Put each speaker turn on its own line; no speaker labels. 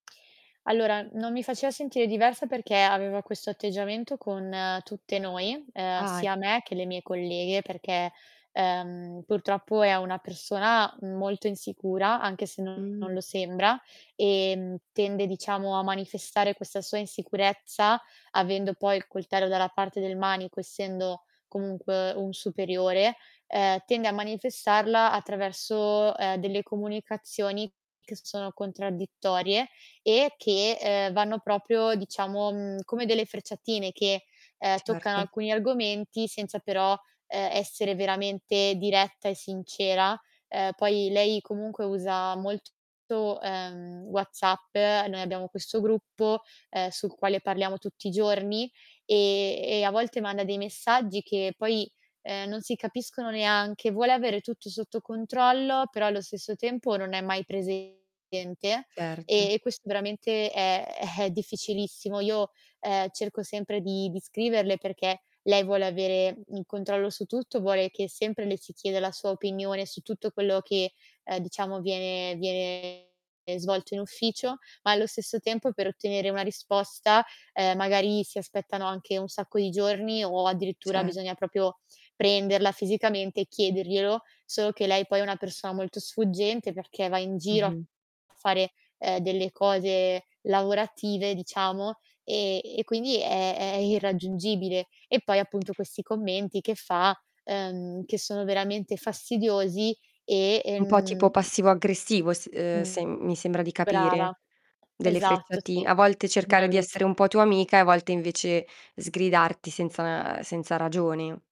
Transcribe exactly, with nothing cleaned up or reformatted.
Allora, non mi faceva sentire diversa, perché aveva questo atteggiamento con tutte noi, ehm,
Ahi.
sia me che le mie colleghe, perché, uhm, purtroppo è una persona molto insicura, anche se non
Mh.
lo sembra, ehm, tende diciamo a manifestare questa sua insicurezza, avendo poi il coltello dalla parte del manico, essendo comunque un superiore, ehm, tende a manifestarla attraverso, ehm, delle comunicazioni che sono contraddittorie e che, uhm, vanno propio diciamo, mhmm, come delle frecciatine che, uhm, toccano
Certo.
alcuni argomenti senza però, ehm, essere veramente diretta e sincera. Uhm, poi lei comunque usa molto uhm, WhatsApp, noi abbiamo questo gruppo, ehm, sul quale parliamo tutti i giorni, ehm, e a volte manda dei messaggi, che poi, uhm, non si capiscono neanche. Vuole avere tutto sotto controllo, però allo stesso tempo non è mai presente,
Certo.
e questo veramente è è difficilissimo. Io, ehm, cerco sempre di di scriverle, perché lei vuole avere il controllo su tutto, vuole che sempre le si chieda la sua opinione su tutto quello che, uhm, diciamo viene viene ehm, svolto in ufficio, ma allo stesso tempo per ottenere una risposta, uhm, magari si aspettano anche un sacco di giorni, o
Ce
addirittura bisogna propio prenderla fisicamente e chiederglielo. Solo che lei poi è una persona molto sfuggente, perché va in giro a
Mh-mh.
fare, ehm, delle cose lavorative diciamo, ehm, e quindi è è irraggiungibile. E poi appunto questi commenti che fa, uhm, che sono veramente fastidiosi e,
Un po' tipo
ehm
passivo-aggressivo s uhm,
Mh,
sem mi sembra di capire,
brava.
delle
Esatto,
frecciati
sì,
a volte cercare di essere
bravissi
un po' tua amica, e a volte invece sgridarti senza senza ragione.